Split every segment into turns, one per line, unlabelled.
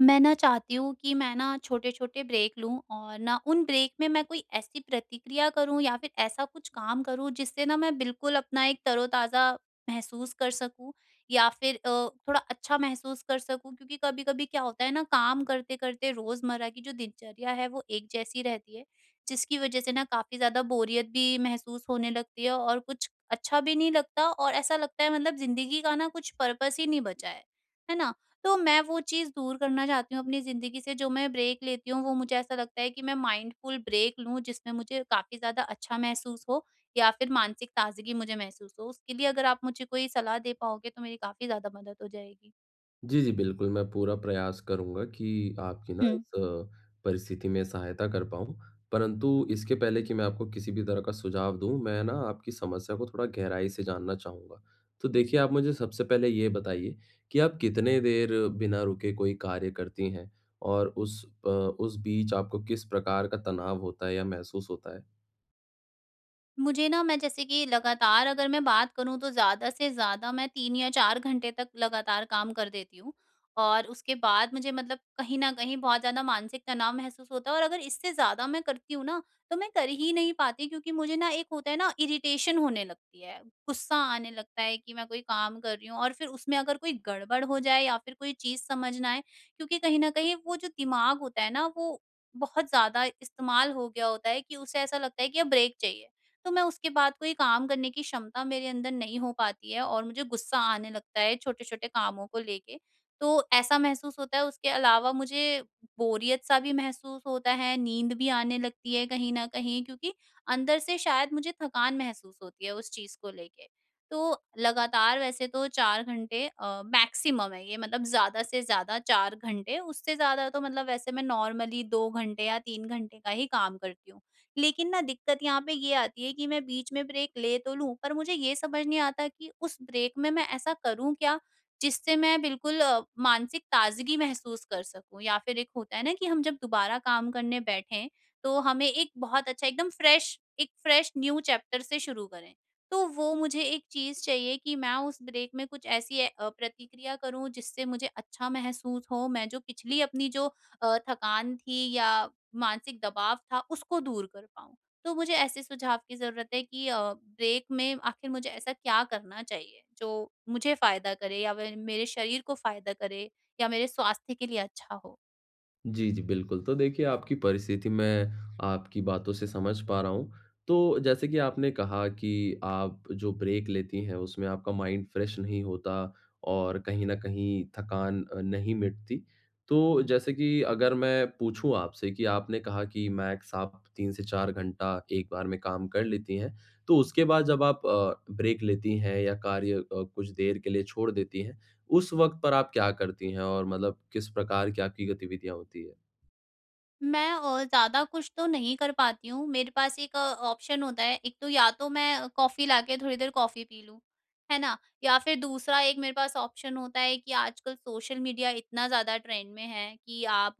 मैं ना चाहती हूँ कि मैं ना छोटे-छोटे ब्रेक लूँ और ना उन ब्रेक में मैं कोई ऐसी प्रतिक्रिया करूँ या फिर ऐसा कुछ काम करूँ जिससे ना मैं बिल्कुल अपना एक तरो-ताज़ा महसूस कर सकूँ, या फिर अ, थोड़ा अच्छा महसूस कर सकूँ। क्योंकि कभी-कभी क्या होता है ना काम करते-करते रोज़मर्रा की जो दिनचर्या है वो एक जैसी रहती है। जिसकी वजह से ना काफ़ी ज़्यादा बोरियत भी महसूस होने लगती है और कुछ अच्छा भी नहीं लगता और ऐसा लगता है मतलब ज़िंदगी का ना कुछ पर्पस ही नहीं बचा है। है ना? तो मैं वो चीज़ दूर करना चाहती हूँ अपनी ज़िंदगी से जो मैं ब्रेक लेती हूँ वो मुझे ऐसा लगता है कि मैं माइंडफुल ब्रेक लूँ जिसमें मुझे काफ़ी ज़्यादा अच्छा महसूस हो या फिर मानसिक ताज़गी मुझे महसूस हो। उसके लिए अगर आप मुझे कोई सलाह दे पाओगे तो मेरी काफ़ी ज़्यादा मदद हो जाएगी।
जी जी, बिल्कुल। मैं पूरा प्रयास करूँगा कि आपकी ना
हुँ।
इस अ, परिस्थिति में सहायता कर पाऊँ। परंतु इसके पहले कि मैं आपको किसी भी तरह का सुझाव दूँ, मैं ना आपकी समस्या को थोड़ा गहराई से जानना चाहूँगा। तो देखिए आप मुझे सबसे पहले ये बताइए कि आप कितने देर बिना रुके कोई कार्य करती हैं? और उस अ, उस बीच आपको किस प्रकार का तनाव होता है या महसूस होता है?
मुझे ना मैं जैसे कि लगातार अगर मैं बात करूँ तो ज़्यादा से ज़्यादा मैं 3 या 4 घंटे तक लगातार काम कर देती हूँ और उसके बाद मुझे मतलब कहीं न कहीं बहुत ज़्यादा मानसिक तनाव महसूस होता है और अगर इससे ज़्यादा मैं करती हूँ ना तो मैं कर ही नहीं पाती क्योंकि मुझे ना एक होता है ना इरिटेशन होने लगती है। ग़ुस्सा आने लगता है कि मैं कोई काम कर रही हूँ और फिर उसमें अगर कोई गड़बड़ हो जाए या फिर कोई चीज़ समझ ना आए क्योंकि कहीं न कहीं वो जो दिमाग होता है ना वो बहुत ज़्यादा इस्तेमाल हो गया होता है कि उसे ऐसा लगता है कि ब्रेक चाहिए। तो मैं उसके बाद कोई काम करने की क्षमता मेरे अंदर नहीं हो पाती है और मुझे ग़ुस्सा आने लगता है छोटे-छोटे कामों को लेके। तो ऐसा महसूस होता है, उसके अलावा मुझे बोरियत सा भी महसूस होता है, नींद भी आने लगती है कहीं न कहीं क्योंकि अंदर से शायद मुझे थकान महसूस होती है उस चीज़ को लेके। तो लगातार वैसे तो 4 घंटे अ, मैक्सिमम है ये मतलब ज़्यादा से ज़्यादा 4 घंटे। उससे ज़्यादा तो मतलब वैसे मैं नॉर्मली 2 घंटे या 3 घंटे का ही काम करती हूँ। लेकिन ना दिक्कत यहाँ पे ये आती है कि मैं बीच में ब्रेक ले तो लूँ पर मुझे ये समझ नहीं आता कि उस ब्रेक में मैं ऐसा करूँ क्या जिससे मैं बिल्कुल अ, मानसिक ताज़गी महसूस कर सकूँ या फिर एक होता है ना कि हम जब दोबारा काम करने बैठे तो हमें एक बहुत अच्छा एकदम फ्रेश एक फ्रेश न्यू चैप्टर से शुरू करें। तो वो मुझे एक चीज़ चाहिए कि मैं उस ब्रेक में कुछ ऐसी अ, प्रतिक्रिया करूँ जिससे मुझे अच्छा महसूस हो। मैं जो पिछली अपनी जो अ, थकान थी या मानसिक दबाव था उसको दूर कर पाऊँ, तो मुझे ऐसे सुझाव की ज़रूरत है कि अ, ब्रेक में आख़िर मुझे ऐसा क्या करना चाहिए जो मुझे फ़ायदा करे या व मेरे शरीर को फ़ायदा करे या मेरे स्वास्थ्य के लिए अच्छा हो?
जी, जी बिल्कुल। तो देखिए आपकी परिस्थिति मैं आपकी बातों से समझ पा रहा हूँ, तो जैसे कि आपने कहा कि आप जो ब्रेक लेती हैं, उसमें आपका माइंड फ्रेश नहीं होता और कहीं न कहीं थकान अ, नहीं मिटती। तो जैसे कि अगर मैं पूछूँ आपसे कि आपने कहा कि मैक्स आप 3 से 4 घंटा एक बार में काम कर लेती हैं, तो उसके बाद जब आप अ, ब्रेक लेती हैं या कार्य अ, कुछ देर के लिए छोड़ देती हैं, उस वक़्त पर आप क्या करती हैं और मतलब किस प्रकार की आपकी गतिविधियाँ होती हैं?
मैं और ज़्यादा कुछ तो नहीं कर पाती हूँ मेरे पास एक अ, ऑप्शन होता है एक तो या तो मैं कॉफी ला के थोड़ी देर कॉफी पी लूँ। है ना? या फिर दूसरा एक मेरे पास ऑप्शन होता है कि आजकल सोशल मीडिया इतना ज़्यादा ट्रेंड में है कि आप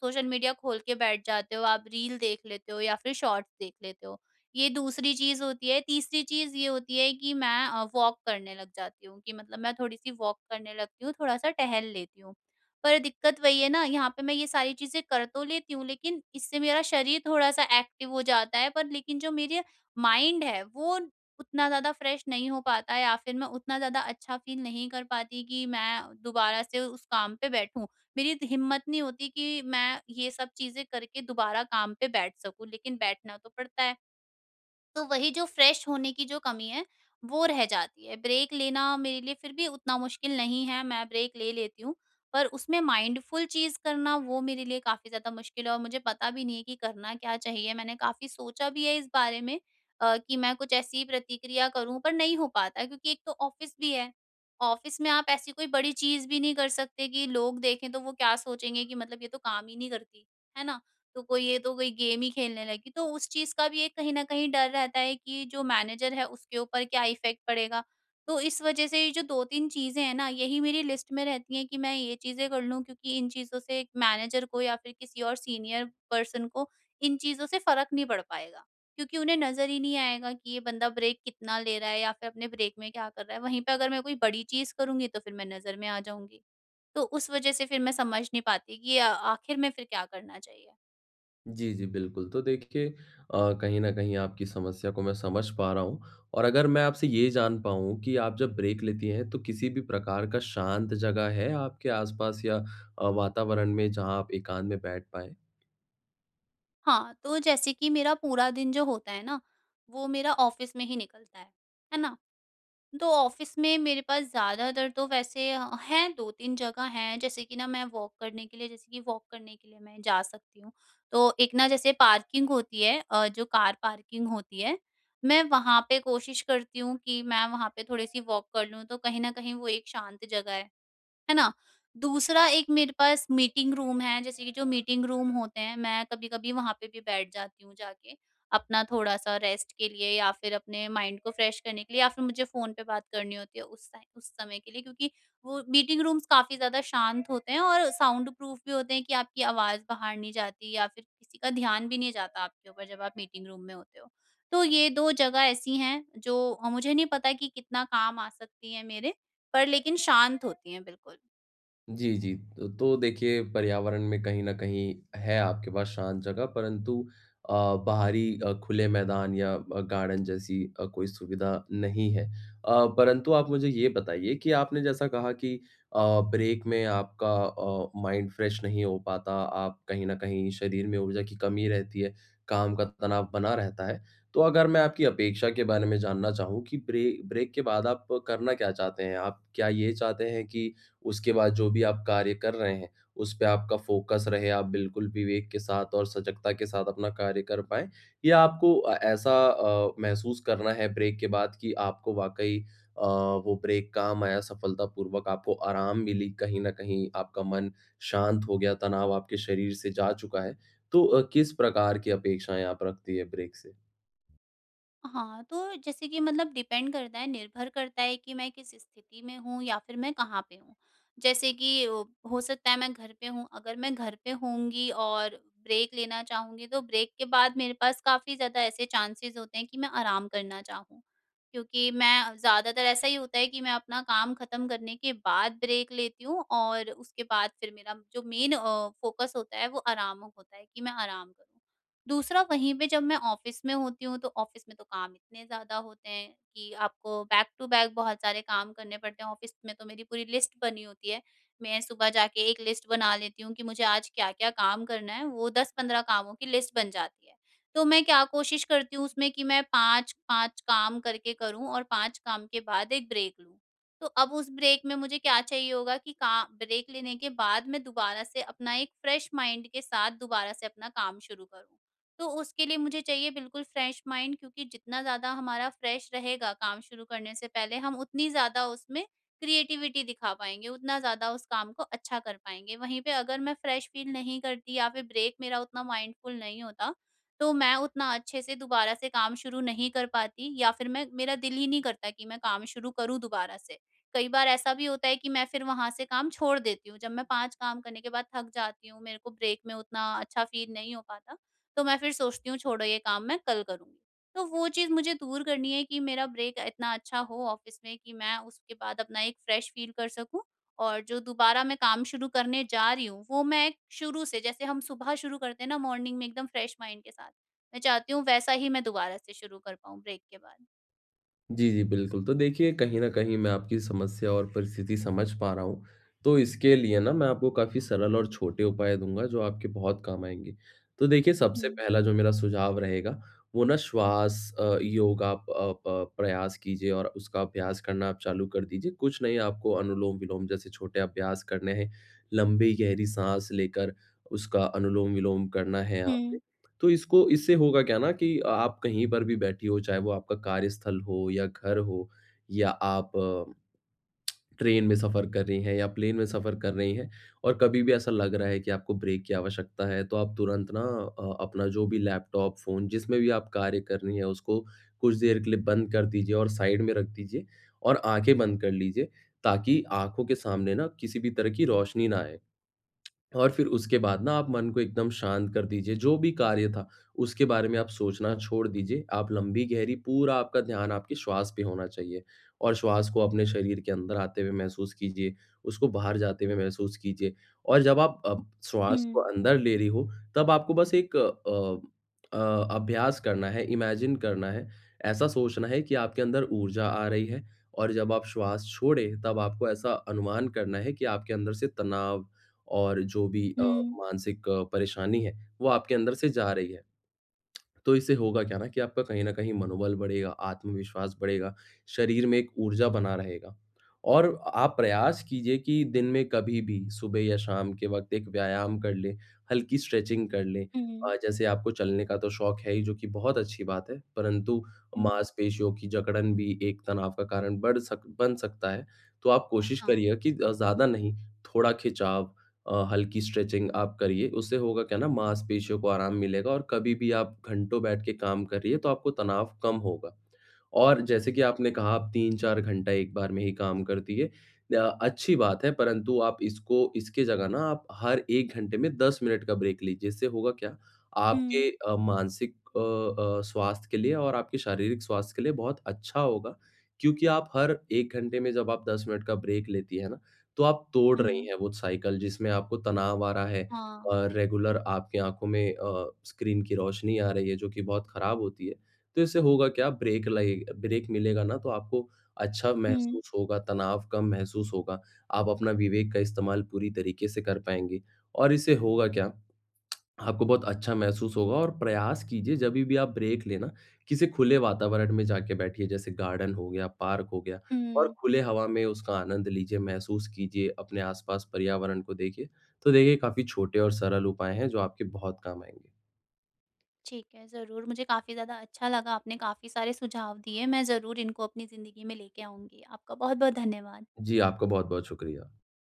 सोशल मीडिया खोल के बैठ जाते हो आप रील देख लेते हो या फिर शॉर्ट्स देख लेते हो, ये दूसरी चीज़ होती है तीसरी चीज़ ये होती है कि मैं अ, वॉक करने लग जाती हूँ कि मतलब मैं थोड़ी-सी वॉक करने लगती हूँ थोड़ा-सा टहल लेती हूँ। पर दिक्कत वही है ना यहाँ पे मैं ये सारी चीज़ें कर तो लेती हूँ लेकिन इससे मेरा शरीर थोड़ा-सा एक्टिव हो जाता है पर लेकिन जो मेरे माइंड है वो उतना ज़्यादा फ्रेश नहीं हो पाता है या फिर मैं उतना ज़्यादा अच्छा फील नहीं कर पाती कि मैं दोबारा से उस काम पे बैठूँ। मेरी इत हिम्मत नहीं होती कि मैं ये सब चीज़ें करके दोबारा काम पे बैठ सकूँ लेकिन बैठना तो पड़ता है। तो वही जो फ्रेश होने की जो कमी है वो रह जाती है। ब्रेक लेना मेरे लिए फिर भी उतना मुश्किल नहीं है मैं ब्रेक ले लेती हूँ। पर उसमें माइंडफुल चीज़ करना वो मेरे लिए काफ़ी ज़्यादा मुश्किल है और मुझे पता भी नहीं है कि करना क्या चाहिए? मैंने काफ़ी सोचा भी है इस बारे में अ, कि मैं कुछ ऐसी ही प्रतिक्रिया करूँ पर नहीं हो पाता क्योंकि एक तो ऑफिस भी है। ऑफिस में आप ऐसी कोई बड़ी चीज़ भी नहीं कर सकते कि लोग देखें तो वो क्या सोचेंगे कि मतलब ये तो काम ही नहीं करती। है ना? तो कोई ये तो कोई गेम ही खेलने लगी तो उस चीज़ का भी ये कहीं न कहीं डर रहता है कि ये जो मैनेजर है उसके ऊपर क्या इफेक्ट पड़ेगा? तो इस वजह से ये जो 2-3 चीज़ें हैं ना, यही मेरी लिस्ट में रहती हैं कि मैं ये चीज़ें कर लूँ क्योंकि इन चीज़ों से मैनेजर को या फिर किसी और सीनियर पर्सन को इन चीज़ों से फ़र्क नहीं पड़ पाएगा। क्योंकि उन्हें नज़र ही नहीं आएगा कि ये बंदा ब्रेक कितना ले रहा है या फिर अपने ब्रेक में क्या कर रहा है? वहीं पे अगर मैं कोई बड़ी चीज़ करूँगी तो फिर मैं नज़र में आ जाऊँगी। तो उस वज़ह से फिर मैं समझ नहीं पाती कि अ, आखिर में फिर क्या करना चाहिए?
जी, जी, बिल्कुल। तो देखिए अ, कहीं न कहीं आपकी समस्या को मैं समझ पा रहा हूँ। और अगर मैं आपसे ये जान पाऊँ कि आप जब ब्रेक लेती हैं, तो किसी भी प्रकार का शांत जगह है आपके आसपास या अ, वातावरण में जहाँ आप एकांत में बैठ पाएँ?
हाँ, तो जैसे कि मेरा पूरा दिन जो होता है ना, वो मेरा ऑफिस में ही निकलता है, है ना। तो ऑफिस में मेरे पास ज़्यादातर तो वैसे अ, हैं, 2-3 जगह हैं, जैसे कि ना मैं वॉक करने के लिए जैसे कि वॉक करने के लिए मैं जा सकती हूँ। तो एक ना जैसे पार्किंग होती है अ, जो कार पार्किंग होती है, मैं वहाँ पे कोशिश करती हूँ कि मैं वहाँ पे थोड़े-सी वॉक कर लूँ, तो कहीं न कहीं वो एक शांत जगह है, है ना? दूसरा, एक मेरे पास मीटिंग रूम है, जैसे कि जो मीटिंग रूम होते हैं, मैं कभी-कभी वहाँ पे भी बैठ जाती हूँ जाके। अपना थोड़ा-सा रेस्ट के लिए या फिर अपने माइंड को फ्रेश करने के लिए, या फिर मुझे फ़ोन पे बात करनी होती है, उस टाइम उस समय के लिए, क्योंकि वो मीटिंग रूम्स काफ़ी ज़्यादा शांत होते हैं और साउंड प्रूफ भी होते हैं कि आपकी आवाज़ बाहर नहीं जाती या फिर किसी का ध्यान भी नहीं जाता आपके ऊपर, जब आप मीटिंग रूम में होते हो। तो ये 2 जगह ऐसी हैं, जो अ, मुझे नहीं पता है कि कितना काम आ सकती हैं मेरे, पर लेकिन शांत होती हैं बिल्कुल।
जी, जी। अ, तो देखिए पर्यावरण में कहीं न कहीं है आपके पास शांत जगह परंतु अ, बाहरी खुले मैदान या गार्डन जैसी अ, कोई सुविधा नहीं है। अ, परंतु आप मुझे ये बताइए कि आपने जैसा कहा कि अ, ब्रेक में आपका अ, माइंड फ्रेश नहीं हो पाता, आप कहीं न कहीं शरीर में ऊर्जा की कमी रहती है, काम का तनाव बना रहता है। तो अगर मैं आपकी अपेक्षा के बारे में जानना चाहूँ कि ब्रे ब्रेक के बाद आप करना क्या चाहते हैं? आप क्या ये चाहते हैं कि उसके बाद जो भी आप कार्य कर रहे हैं, उसपे आपका फोकस रहे, आप बिल्कुल विवेक के साथ और सजगता के साथ अपना कार्य कर पाएँ? या आपको ऐसा अ, महसूस करना है ब्रेक के बाद कि आपको वाक़ई अ, वो ब्रेक काम आया सफलतापूर्वक आपको आराम मिली कहीं न कहीं आपका मन शांत हो गया, तनाव आपके शरीर से जा चुका है? तो अ, किस प्रकार की अपेक्षाएँ आप रखती है ब्रेक से?
हाँ, तो जैसे कि मतलब डिपेंड करता है निर्भर करता है कि मैं किस स्थिति में हूँ या फिर मैं कहाँ पे हूँ। जैसे कि हो सकता है मैं घर पे हूँ अगर मैं घर पे होंगी और ब्रेक लेना चाहूँगी तो ब्रेक के बाद मेरे पास काफ़ी ज़्यादा ऐसे चांसेस होते हैं कि मैं आराम करना चाहूँ। क्योंकि मैं ज़्यादातर ऐसा ही होता है कि मैं अपना काम ख़त्म करने के बाद ब्रेक लेती हूँ और उसके बाद फिर मेरा जो मेन अ, फोकस होता है वो आराम होता है कि मैं आराम करूँ। दूसरा, वहीं पे जब मैं ऑफिस में होती हूँ तो ऑफिस में तो काम इतने ज़्यादा होते हैं कि आपको बैक टू बैक बहुत सारे काम करने पड़ते हैं। ऑफिस में तो मेरी पूरी लिस्ट बनी होती है। मैं सुबह जाके एक लिस्ट बना लेती हूँ कि मुझे आज क्या-क्या काम करना है वो 10-15 कामों की लिस्ट बन जाती है। तो मैं क्या कोशिश करती हूँ उसमें कि मैं 5-5 काम करके करूँ और 5 काम के बाद 1 ब्रेक लूँ। तो अब उस ब्रेक में मुझे क्या चाहिए होगा कि का ब्रेक लेने के बाद मैं दोबारा से अपना एक फ्रेश माइंड के साथ दोबारा से अपना काम शुरू करूँ। तो उसके लिए मुझे चाहिए बिल्कुल फ्रेश माइंड क्योंकि जितना ज़्यादा हमारा फ्रेश रहेगा काम शुरू करने से पहले हम उतनी ज़्यादा उसमें क्रिएटिविटी दिखा पाएँगे। उतना ज़्यादा उस काम को अच्छा कर पाएँगे। वहीं पे अगर मैं फ्रेश फील नहीं करती या फिर ब्रेक मेरा उतना माइंडफुल नहीं होता तो मैं उतना अच्छे से दोबारा से काम शुरू नहीं कर पाती या फिर मैं मेरा दिल ही नहीं करता कि मैं काम शुरू करूँ दोबारा से। कई बार ऐसा भी होता है कि मैं फिर वहाँ से काम छोड़ देती हूँ। जब मैं 5 काम करने के बाद थक जाती हूँ मेरे को ब्रेक में उतना अच्छा फील नहीं हो पाता तो मैं फिर सोचती हूँ छोड़ो ये काम मैं कल करूँगी। तो वो चीज़ मुझे दूर करनी है कि मेरा ब्रेक इतना अच्छा हो ऑफिस में कि मैं उसके बाद अपना एक फ्रेश फील कर सकूँ। और जो दोबारा मैं काम शुरू करने जा रही हूँ वो मैं शुरू से जैसे हम सुबह शुरू करते हैं ना मॉर्निंग में एकदम फ्रेश माइंड के साथ, मैं चाहती हूँ वैसा ही मैं दोबारा से शुरू कर पाऊँ ब्रेक के बाद।
जी, जी, बिल्कुल। तो देखिए कहीं न कहीं मैं आपकी समस्या और परिस्थिति समझ पा रहा हूँ। तो इसके लिए ना मैं आपको काफ़ी सरल और छोटे उपाय दूँगा, जो आपके बहुत काम आएँगे। तो देखिए सबसे
हुँ।
पहला जो मेरा सुझाव रहेगा, वो ना श्वाँस, अ, योगा, अ, प प्रयास कीजिए और उसका अभ्यास करना आप चालू कर दीजिए। कुछ नहीं, आपको अनुलोम-विलोम जैसे छोटे अभ्यास करने हैं। लंबी गहरी साँस लेकर उसका अनुलोम-विलोम करना है यहाँ
हुँ।
पे। तो इसको इससे होगा क्या ना? कि अ आप कहीं पर भी बैठीं हों, चाहे वो आपका कार्यस्थल हो या घर हो, या आप, अ ट्रेन में सफ़र कर रही हैं या प्लेन में सफ़र कर रही हैं, और कभी भी ऐसा लग रहा है कि आपको ब्रेक की आवश्यकता है, तो आप तुरंत ना अ, अपना जो भी लैपटॉप, फ़ोन जिसमें भी आप कार्य कर रहीं हैं, उसको कुछ देर के लिए बंद कर दीजिए और साइड में रख दीजिए। और आँखें बंद कर लीजिए, ताकि आँखों के सामने ना किसी भी तरह की रोशनी ना आए। और फ़िर उसके बाद ना आप मन को एकदम शांत कर दीजिए, जो भी कार्य था, उसके बारे में आप सोचना छोड़ दीजिए। आप लंबी-गहरी पूरा आपका ध्यान आपके श्वास पे होना चाहिए, और श्वास को अपने शरीर के अंदर आते हुए महसूस कीजिए, उसको बाहर जाते हुए महसूस कीजिए, और जब आप अ, श्वास को
हुँ।
अंदर ले रही हों। तब आपको बस एक अ अ, अभ्यास करना है, इमेजिन करना है, ऐसा सोचना है कि आपके अंदर ऊर्जा आ रही है, और जब आप श्वास छोड़ें तब आपको ऐसा अनुमान करना है कि आपके अंदर से तनाव और जो भी अ,
हुँ।
मानसिक परेशानी है, वो आपके अंदर से जा रही है। तो इससे होगा क्या ना कि आपका कहीं न कहीं मनोबल बढ़ेगा, आत्मविश्वास बढ़ेगा, शरीर में एक ऊर्जा बना रहेगा। और अ आप प्रयास कीजिए कि दिन में कभी भी सुबह या शाम के वक़्त एक व्यायाम कर लें, हल्की स्ट्रेचिंग कर लें। अ,
हुँ।
जैसे आपको चलने का तो शौक है ही जो कि बहुत अच्छी बात है। परंतु
हुँ।
माँसपेशियों की जकड़न भी एक तनाव का कारण बढ़ सक बन सकता है। तो आप कोशिश
हाँ।
करिएगा कि अ, ज़्यादा नहीं थोड़ा खिंचाव, अ, हल्की स्ट्रेचिंग आप करिए, उससे होगा क्या ना, माँसपेशियों को आराम मिलेगा और कभी भी आप घंटों बैठ के काम करिए, तो आपको तनाव कम होगा। और जैसे कि
ठीक
आपने
है।
कहा आप 3-4 घंटा एक बार में ही काम करती हैं। अ, अच्छी बात है परंतु आप इसको इसके जगह ना आप हर 1 घंटे में 10 मिनट का ब्रेक लीजिए। इससे होगा क्या? आपके
हुँ।
अ, मानसिक अ अ, स्वास्थ्य के लिए और आपके शारीरिक स्वास्थ्य के लिए बहुत अच्छा होगा, क्योंकि आप हर 1 घंटे में जब आप 10 मिनट का ब्रेक लेती हैं ना, तो आप तोड़ रही
हुँ।
हैं वो साइकिल जिसमें आपको तनाव आ रहा है,
हाँ।
और रेगुलर आपके आँखों में अ, स्क्रीन की रोशनी आ रही है, जो कि बहुत खराब होती है। तो इससे होगा क्या? ब्रेक लएग ब्रेक मिलेगा ना, तो आपको अच्छा
हुँ।
महसूस होगा, तनाव कम महसूस होगा। आप अपना विवेक का इस्तेमाल पूरी तरीके से कर पाएँगे। और इससे होगा क्या? आपको बहुत अच्छा महसूस होगा और प्रयास कीजिए जभी भी आप ब्रेक लें ना, किसी खुले वातावरण में जाके बैठिए जैसे गार्डन हो गया, पार्क हो गया, और
हुँ।
खुले हवा में उसका आनंद लीजिए, महसूस कीजिए अपने आस-पास पर्यावरण को देखिए। तो देखिए काफ़ी छोटे और सरल उपाय हैं, जो आपके बहुत काम आएँगे।
ठीक है, ज़रूर। मुझे काफ़ी ज़्यादा अच्छा लगा। आपने काफ़ी सारे सुझाव दिए, मैं ज़रूर इनको अपनी ज़िंदगी में लेके आऊँगी। आपका बहुत-बहुत धन्यवाद।
जी, आपका बहुत-बहुत शुक्रिया।